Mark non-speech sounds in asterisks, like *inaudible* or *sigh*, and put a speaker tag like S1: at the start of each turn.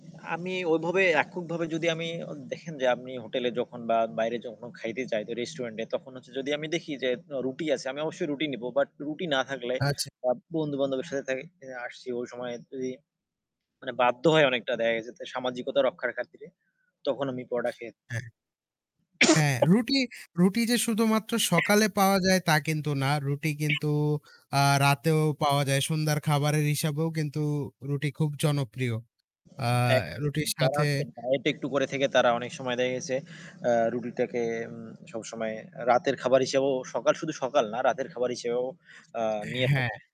S1: আমি ওভাবে এককভাবে যদি আমি অ দেখেন যে আমি হোটেলে যখন বা বাইরে যখন খাইতে যাই তো রেস্টুরেন্ট এ তখন হচ্ছে যদি আমি দেখি যে উ রুটি আছে আমি অবশ্যই রুটি নিবো। বাট রুটি না থাকলে
S2: আচ্ছা।
S1: আ বন্ধু বান্ধবের সাথে তা আসছি ওই সময় তে মানে বাধ্য হয় অনেকটা দেখা গেছে তে সামাজিকতা রক্ষার খাতিরে। তখন আমি পরোটা খে
S2: হ্যাঁ। হ্যাঁ,
S1: *sneezes*
S2: রুটি রুটি যে শুধুমাত্র
S1: *coughs*
S2: সকালে পাওয়া যায় তা কিন্তু না। রুটি কিন্তু
S1: *coughs*
S2: আ রাতেও পাওয়া যায়। সন্ধ্যার খাবারের হিসাবেও কিন্তু রুটি খুব জনপ্রিয়। আ
S1: এক
S2: রুটির
S1: যারা
S2: সাথে
S1: হচ্ছে ডায়েট একটু করে থেকে তারা অনেক সময় দেখা গেছে আ রুটিটাকে উম সবসময় রাতের খাবার হিসেবেও সকাল শুধু সকাল না রাতের খাবার হিসেবেও আ নিয়ে থাকে।
S2: হ্যাঁ।